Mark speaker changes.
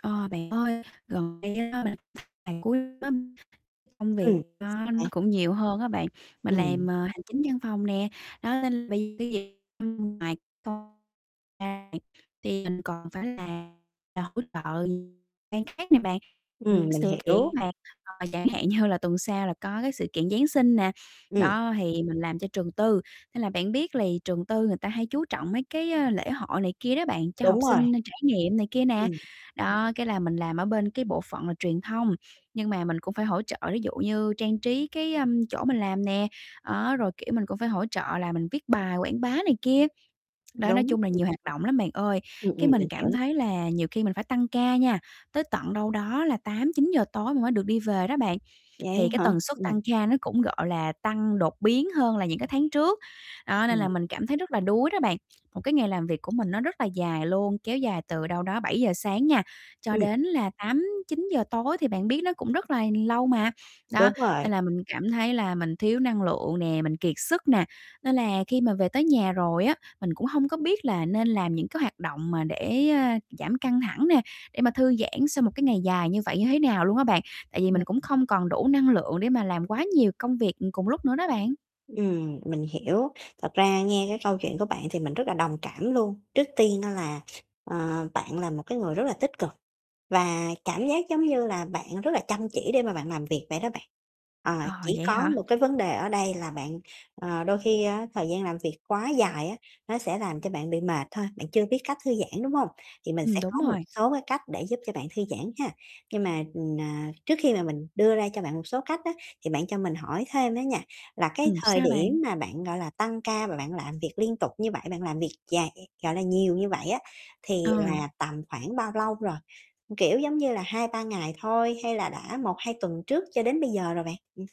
Speaker 1: Ờ, bạn ơi, gần đây á mình gần cuối năm
Speaker 2: Ừ,
Speaker 1: công việc đó
Speaker 2: đấy.
Speaker 1: nó cũng nhiều hơn á bạn, mình
Speaker 2: Ừm.
Speaker 1: làm, ờ, hành chính văn phòng nè, đó nên bây giờ cái gì cũng mà con ra thì thì mình còn phải làm để hỗ trợ ban khác nè bạn,
Speaker 2: Ừm,
Speaker 1: những
Speaker 2: mình
Speaker 1: sự kiện
Speaker 2: hiểu.
Speaker 1: mà, à, chẳng hạn như là tuần sau là có cái sự kiện Giáng sinh nè.
Speaker 2: Ừm.
Speaker 1: Đó thì mình làm cho trường tư, nên là bạn biết lì trường tư người ta hay chú trọng mấy cái, ơ, lễ hội này kia đó bạn, cho
Speaker 2: Đúng
Speaker 1: học
Speaker 2: rồi.
Speaker 1: sinh trải nghiệm này kia nè.
Speaker 2: Ừm.
Speaker 1: Đó, cái là mình làm ở bên cái bộ phận là truyền thông, nhưng mà mình cũng phải hỗ trợ ví dụ như trang trí cái, ơ, chỗ mình làm nè, đó rồi, kiểu, mình cũng phải hỗ trợ là mình viết bài quảng bá này kia. Đó, nói
Speaker 2: Đúng.
Speaker 1: chung là nhiều hoạt động lắm bạn ơi,
Speaker 2: Ừm,
Speaker 1: cái
Speaker 2: ừm,
Speaker 1: mình
Speaker 2: mình
Speaker 1: cảm
Speaker 2: hiểu.
Speaker 1: thấy là nhiều khi mình phải tăng ca nha, tới tận đâu đó là 8-9 giờ tối mình mới được đi về đó bạn. Thì
Speaker 2: Vậy
Speaker 1: cái
Speaker 2: hả?
Speaker 1: tần suất
Speaker 2: Ừm.
Speaker 1: tăng ca nó cũng, gọi là, tăng đột biến hơn là những cái tháng trước. Đó, nên là
Speaker 2: Ừm.
Speaker 1: mình cảm thấy rất là đuối đó bạn. Một cái ngày làm việc của mình nó rất là dài luôn, kéo dài từ đâu đó 7:00 sáng nha, cho
Speaker 2: Ừm.
Speaker 1: đến là 8-9 giờ tối thì bạn biết nó cũng rất là lâu mà. Đó,
Speaker 2: Đúng rồi.
Speaker 1: nên là mình cảm thấy là mình thiếu năng lượng nè, mình kiệt sức nè, nên là khi mà về tới nhà rồi á, mình cũng hông có biết là nên làm những cái hoạt động mà để, ơ, giảm căng thẳng nè, để mà thư giãn sau một cái ngày dài như vậy như thế nào luôn á bạn. Tại vì
Speaker 2: Ừm,
Speaker 1: mình cũng
Speaker 2: ừm.
Speaker 1: không còn đủ năng lượng để mà làm quá nhiều công việc, ừm, cùng lúc nữa đó bạn.
Speaker 2: Ừm, mình hiểu. Thật ra nghe cái câu chuyện của bạn thì mình rất là đồng cảm luôn. Trước tiên á là, ờ, bạn là một cái người rất là tích cực và cảm giác giống như là bạn rất là chăm chỉ để mà bạn làm việc vậy đó bạn. Ờ,
Speaker 1: Ờ,
Speaker 2: chỉ
Speaker 1: vậy
Speaker 2: có
Speaker 1: hả?
Speaker 2: một cái vấn đề ở đây là bạn, ờ, đôi khi á thời gian làm việc quá dài á nó sẽ làm cho bạn bị mệt thôi, bạn chưa biết cách thư giãn, đúng hông? Thì mình
Speaker 1: Ừm,
Speaker 2: sẽ
Speaker 1: đúng
Speaker 2: có một
Speaker 1: rồi.
Speaker 2: số cái cách để giúp cho bạn thư giãn ha. Nhưng mà, ờ, à, trước khi mà mình đưa ra cho bạn một số cách á thì bạn cho mình hỏi thêm đó nha, là cái
Speaker 1: Ừm,
Speaker 2: thời
Speaker 1: sao
Speaker 2: điểm
Speaker 1: bạn?
Speaker 2: mà bạn, gọi là, tăng ca và bạn làm việc liên tục như vậy, bạn làm việc dài vậy, gọi là, nhiều như vậy á thì
Speaker 1: Ờ.
Speaker 2: là tầm khoảng bao lâu rồi? Kiểu giống như là 2-3 ngày thôi hay là đã 1-2 tuần trước cho đến bây giờ rồi bạn? Ừm.